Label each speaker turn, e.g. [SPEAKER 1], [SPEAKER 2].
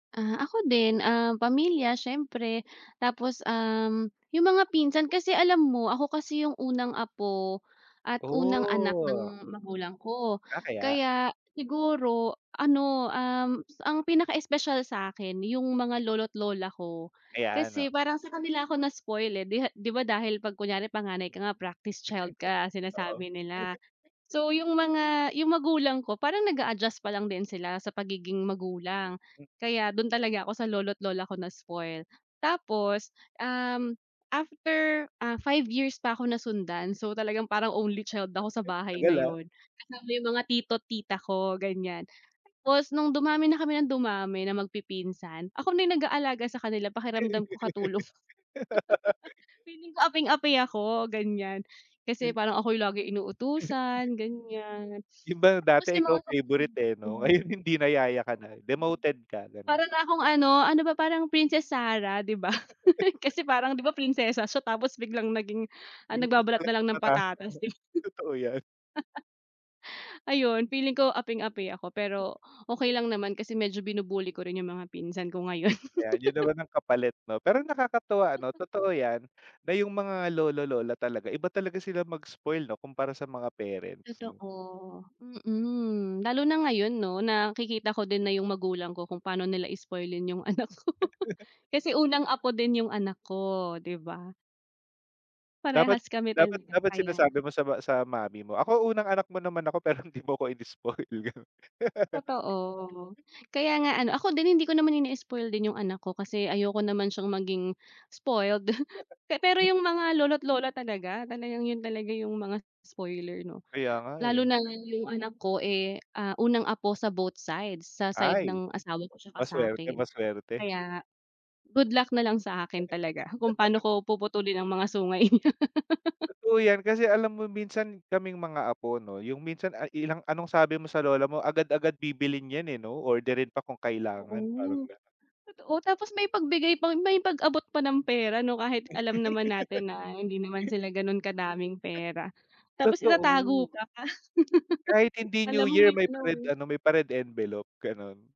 [SPEAKER 1] Ah, ako din, ah, pamilya siyempre. Tapos, um, yung mga pinsan, kasi alam mo ako kasi yung unang apo at unang anak
[SPEAKER 2] Oh.
[SPEAKER 1] ng magulang ko.
[SPEAKER 2] Ah, kaya.
[SPEAKER 1] Kaya siguro ano, um, ang pinaka-espesyal sa'kin yung mga lolo't lola ko,
[SPEAKER 2] Ayan,
[SPEAKER 1] kasi
[SPEAKER 2] oo.
[SPEAKER 1] parang sa kanila ako na-spoil, eh, 'di 'di ba dahil pag kunyari panganay ka nga practice child ka
[SPEAKER 2] Oo.
[SPEAKER 1] sinasabi nila. So yung mga yung magulang ko parang nag-a-adjust pa lang din sila sa pagiging magulang,
[SPEAKER 2] M
[SPEAKER 1] kaya dun talaga ako sa lolo't lola ko na-spoil. Tapos, um, after, ah, 5 pa ako nasundan, so talagang parang only child ako sa bahay
[SPEAKER 2] Tagal,
[SPEAKER 1] na
[SPEAKER 2] ah.
[SPEAKER 1] yun, kasama yung mga tito't tita ko ganiyan. Tapos nung dumami na kami ng dumami na magpipinsan, ako na yung nag-aalaga sa kanila pakiramdam ko katulong. Feeling ko aping-api ako ganiyan, kasi
[SPEAKER 2] Hmm.
[SPEAKER 1] parang ako yung laging inuutusan ganiyan.
[SPEAKER 2] 'Di ba
[SPEAKER 1] Tapos
[SPEAKER 2] dati
[SPEAKER 1] yung
[SPEAKER 2] ikaw
[SPEAKER 1] mga kapatid
[SPEAKER 2] favorite, eh, no?
[SPEAKER 1] ko
[SPEAKER 2] Ngayon hindi na, yaya ka na, demoted ka, ganon.
[SPEAKER 1] Para na akong ano, ano ba parang Princess Sarah di ba. Kasi parang di ba prinsesa siya tapos biglang naging
[SPEAKER 2] 'Di
[SPEAKER 1] ah,
[SPEAKER 2] mo
[SPEAKER 1] nagbabalat
[SPEAKER 2] talaga
[SPEAKER 1] nalang ng
[SPEAKER 2] pata
[SPEAKER 1] patatas, di ba.
[SPEAKER 2] totoo yan.
[SPEAKER 1] Ayun feeling ko aping-api ako pero, okey lang naman kasi medyo binu-bully ko rin yung mga pinsan ko ngayon.
[SPEAKER 2] Ayan yun naman ang kapalit 'no? Pero nakakatuwa ano totoo yan, na yung mga lolo, lola talaga, iba talaga sila mag-spoil 'no, kumpara sa mga parents 'no?
[SPEAKER 1] Totoo, mm, lalo na ngayon 'no nakikita ko din na yung magulang ko kung paano nila spoilin yung anak ko. Kasi unang apo din yung anak ko, di ba?
[SPEAKER 2] Dapat
[SPEAKER 1] Parehas kami
[SPEAKER 2] dapat
[SPEAKER 1] talaga,
[SPEAKER 2] dapat
[SPEAKER 1] kaya
[SPEAKER 2] sinasabi mo sa ma sa mommy mo, "Ako unang anak mo naman ako pero di mo ako ini-spoil," ganun.
[SPEAKER 1] Totoo, kaya nga ano ako din hindi ko naman ini-spoil din yung anak ko kasi ayoko naman siyang maging spoiled. Pe pero yung mga lolo't lola talaga, talagang yun talaga yung mga spoiler no.
[SPEAKER 2] Kaya nga
[SPEAKER 1] Lalo
[SPEAKER 2] eh.
[SPEAKER 1] na yung anak ko, eh, ah, unang apo sa both sides, sa side
[SPEAKER 2] Ay,
[SPEAKER 1] ng asawa ko 'tsaka
[SPEAKER 2] ma-suwerte,
[SPEAKER 1] sa'kin,
[SPEAKER 2] ma-suwerte.
[SPEAKER 1] kaya good luck nalang sa akin talaga kung paano ko puputulin ang mga sungay niya.
[SPEAKER 2] Totoo yan kasi alam mo minsan kaming mga apo 'no, yung minsan ay ilang anong sabi mo sa lola mo, agad-agad bibilhin yan, eh, 'no, orderin pa kung kailangan parang
[SPEAKER 1] Oo,
[SPEAKER 2] ganun.
[SPEAKER 1] totoo tapos may pagbigay pang may pag-abot pa ng pera 'no kahit alam naman natin na hindi naman sila gano'n kadaming pera, tapos itatago
[SPEAKER 2] Totoo.
[SPEAKER 1] pa.
[SPEAKER 2] Kahit hindi
[SPEAKER 1] Kala
[SPEAKER 2] New
[SPEAKER 1] mo
[SPEAKER 2] Year
[SPEAKER 1] may
[SPEAKER 2] may pa
[SPEAKER 1] ano,
[SPEAKER 2] red
[SPEAKER 1] eh
[SPEAKER 2] ano may pa red envelope, ganun.